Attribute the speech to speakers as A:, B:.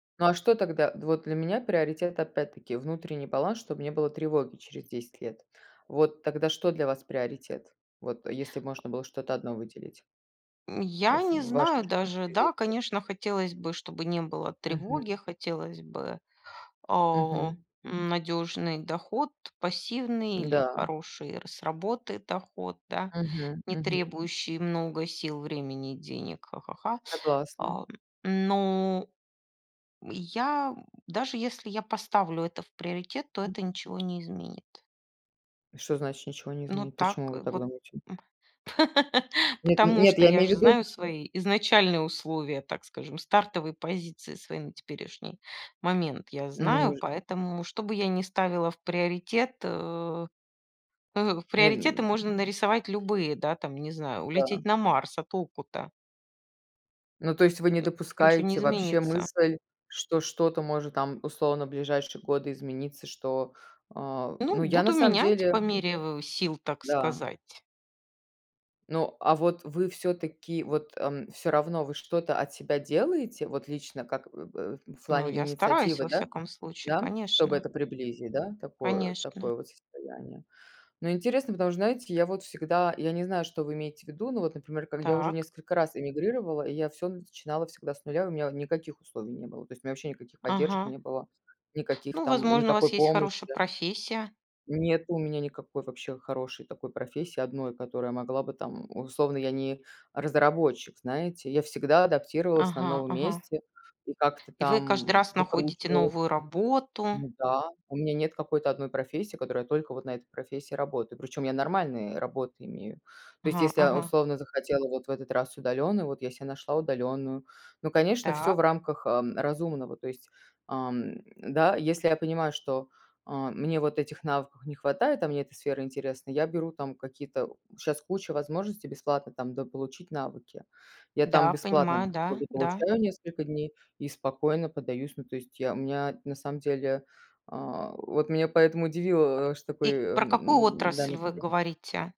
A: Ну, а что тогда? Д вот для меня приоритет, опять-таки, внутренний баланс, чтобы не было тревоги через 10 лет. Вот тогда что для вас приоритет? Вот, а если можно было что-то 1 выделить?
B: М,
A: А
B: я
A: ф
B: не
A: в
B: знаю
A: вашей жизни
B: даже.
A: через
B: Да,
A: 10 лет.
B: конечно, хотелось бы, чтобы не было
A: Мгм.
B: тревоги. Хотелось бы, а,
A: Мгм.
B: надёжный доход, пассивный или
A: М-да.
B: хороший р с работы доход, да.
A: Мгм,
B: Не
A: мгм.
B: требующий много сил, времени и денег. Ха-ха-ха.
A: Согласна.
B: А, но, м, я м, даже если я поставлю это в приоритет, то
A: М.
B: это ничего не изменит.
A: И что значит ничего не
B: Ну
A: изменит?
B: так
A: Почему вы так
B: вот,
A: думаете?
B: м
A: Нет, н
B: Потому
A: нет,
B: что
A: я
B: я
A: имею в
B: же
A: виду
B: знаю свои изначальные условия, так скажем, стартовые позиции свои на теперешний момент я знаю.
A: Может
B: Поэтому, что бы я не ставила в приоритет, э э,
A: Нет,
B: приоритеты
A: м
B: можно нарисовать любые, да, там, не знаю,
A: Да.
B: улететь на Марс. А толку-то?
A: Ну, то есть вы не
B: Н ничего не
A: допускаете вообще
B: изменится.
A: мысль, что что-то может там, условно, в ближайшие годы измениться, что а
B: Ну,
A: Ну, я на
B: буду
A: самом
B: менять по
A: деле
B: мере в в сил, так
A: Да.
B: сказать.
A: Ну, а вот вы всё-таки, вот, ам, всё равно вы что-то от себя делаете? Вот лично как в в в
B: Ну,
A: плане
B: я стараюсь
A: инициативы,
B: во
A: да?
B: всяком случае,
A: Да? Чтобы
B: конечно.
A: это приблизить, да? Такое
B: Конечно.
A: такое вот состояние. Но интересно, потому что, знаете, я вот всегда я не знаю, что вы имеете в виду, но вот, например, когда я уже
B: Так.
A: несколько раз эмигрировала, я всё начинала всегда с 0. У меня, у никаких условий не было. То есть меня вообще никаких поддержек
B: Ага.
A: не было, никаких,
B: Ну,
A: там,
B: возможно, у вас
A: никакой
B: есть
A: помощи,
B: хорошая
A: да.
B: профессия.
A: Нет у меня никакой вообще хорошей такой профессии 1, которая могла бы там, условно я не разработчик, знаете. Я всегда адаптировалась на
B: Ага,
A: новом
B: ага.
A: месте и как-то
B: И вы каждый
A: там
B: раз находите
A: выкручивалась.
B: новую работу
A: Ну да, у меня нет какой-то 1 профессии, в которой я только вот на этой профессии работаю. Причём я нормальные работы имею. То есть,
B: Ага,
A: если я
B: ага.
A: условно захотела вот в этот раз удалённую, вот я себе нашла удалённую. Ну, конечно, всё в
B: Так.
A: рамках, а, разумного. То есть, ам, да, если я понимаю, что, а, мне вот этих навыков не хватает, а мне эта сфера интересна, я беру там какие-то щас куча возможностей бесплатно там дополучить навыки. Я там
B: Да,
A: бесплатно
B: понимаю,
A: д как
B: да,
A: бы
B: да.
A: получаю несколько дней и спокойно подаюсь. Ну то есть я У меня, на самом деле А вот меня поэтому удивило, что такой,
B: И
A: э,
B: про какую
A: м-да,
B: отрасль вы
A: настрой.
B: говорите?